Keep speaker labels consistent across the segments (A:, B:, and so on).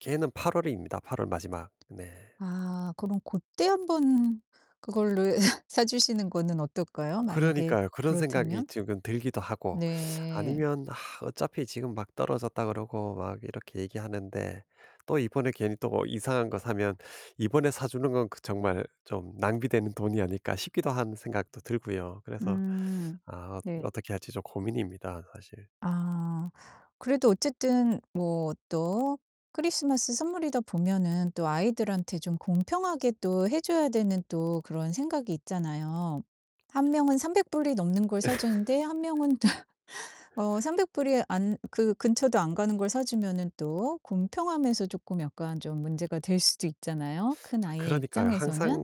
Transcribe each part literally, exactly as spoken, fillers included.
A: 걔는 팔 월입니다. 팔 월 마지막. 네.
B: 아 그럼 그때 한번 그거를 사 주시는 거는 어떨까요? 만약에
A: 그러니까요. 그런 생각이
B: 그렇다면?
A: 지금 들기도 하고
B: 네.
A: 아니면 "아 어차피 지금 막 떨어졌다." 그러고 막 이렇게 얘기하는데 또 이번에 괜히 또 뭐 이상한 거 사면 '이번에 사 주는 건 그 정말 좀 낭비되는 돈이 아닐까?' 싶기도 한 생각도 들고요. 그래서
B: 음.
A: 아 어
B: 네.
A: 어떻게 할지 좀 고민입니다, 사실.
B: 아 그래도 어쨌든 뭐 또 크리스마스 선물이다 보면은 또 아이들한테 좀 공평하게 또 해 줘야 되는 또 그런 생각이 있잖아요. 한 명은 삼백 불 이 넘는 걸 사 주는데 한 명은 어 삼백 불 이 안 그 근처도 안 가는 걸 사 주면은 또 공평함에서 조끔 약간 좀 문제가 될 수도 있잖아요? 큰 아이의
A: 그러니까요.
B: 입장에서는?
A: 항상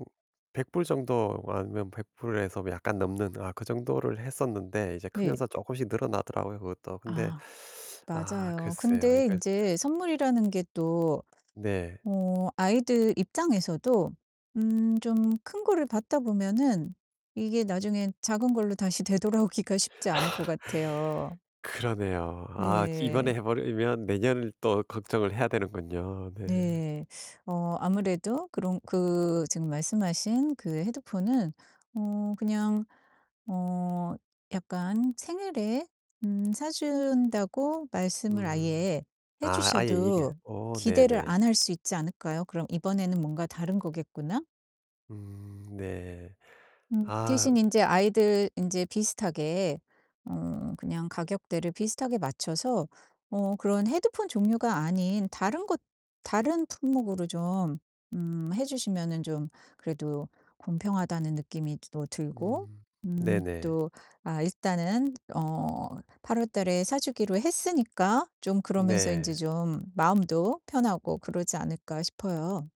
A: 백 불 정도 뭐 아니면 백 불 에서 약간 넘는 아 그 정도를 했었는데 이제
B: 네.
A: 크면서 쪼금씩 늘어나더라고요, 그것도. 근데
B: 아
A: 아
B: 맞아요.
A: 글쎄요.
B: 근데
A: 이거 참.
B: 인제 선물이라는 게 또
A: 네.
B: 어 아이들 입장에서도 음 좀 큰 거를 받다 보면은 이게 나중에 작은 걸로 다시 되돌아오기가 쉽지 않을 것 같아요.
A: 그러네요. 아 이번에
B: 네.
A: 해 버리면 내년을 또 걱정을 해야 되는군요. 네.
B: 네. 어 아무래도 그런 그 지금 말씀하신 그 헤드폰은 어 그냥 어 약간 생일에 음 사 준다고 말씀을
A: 음.
B: 아예 해
A: 아. 아예 이게
B: 주셔도
A: 어
B: 기대를
A: 네네.
B: 안 할 수 있지 않을까요? 그럼 '이번에는 뭔가 다른 거겠구나.'
A: 음 네.
B: 음
A: 아.
B: 대신 인제 아이들 인제 비슷하게 어 그냥 가격대를 비슷하게 맞춰서 어 그런 헤드폰 종류가 아닌 다른 것 다른 품목으로 좀 음 해 주시면은 좀 그래도 공평하다는 느낌이 또 들고
A: 음.
B: 음
A: 네네.
B: 또 아 일단은 어 팔 월 달에 사 주기로 했으니까 좀 그러면서 인제
A: 네.
B: 좀 '마음도 편하고 그러지 않을까?' 싶어요.